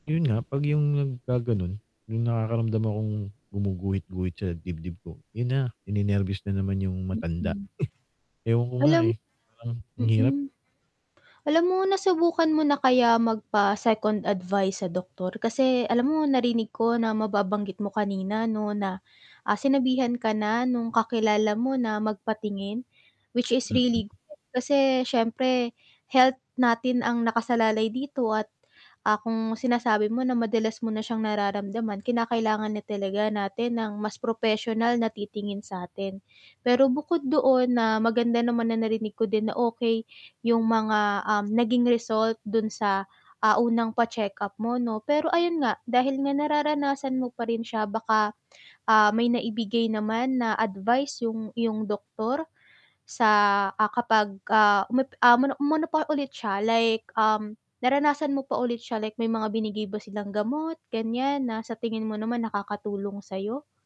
'Yon nga, 'pag 'yong nagkagano'n may nakakaramdam akong gumuguhit-guhit sa dibdib ko. 'Yon na, ninenerbyos na naman 'yong matanda. Mm. Ewan ko nga, Alam eh, parang ang hirap. mm. Alam mo nasubukan mo na kaya magpa-second advice sa doktor? Kasi alam mo narinig ko na mababanggit mo kanina, 'no, na, ah, sinabihan ka na no'ng kakilala mo na magpatingin, which is really Mm. good, kasi siyempre health natin ang nakasalalay dito at, ah, kung sinasabi mo na madalas mo na siyang nararamdaman, kinakailangan na talaga natin ng mas propesyonal na titingin sa 'tin. Pero bukod doon, na maganda naman na narinig ko din na okey 'yong mga, um, naging result do'n sa, ah, unang pa-check-up mo, 'no? Pero ayun nga, dahil nga nararanasan mo pa rin siya baka, ah, may naibigay naman na advice 'yong iyong doktor sa, ah, kapag, ah, umepe ah, mono umano pa ulit siya, like, um, naranasan mo pa ulit siya, like may mga binigay ba silang gamot, ganiyan, na sa tingin mo naman nakakatulong sayo?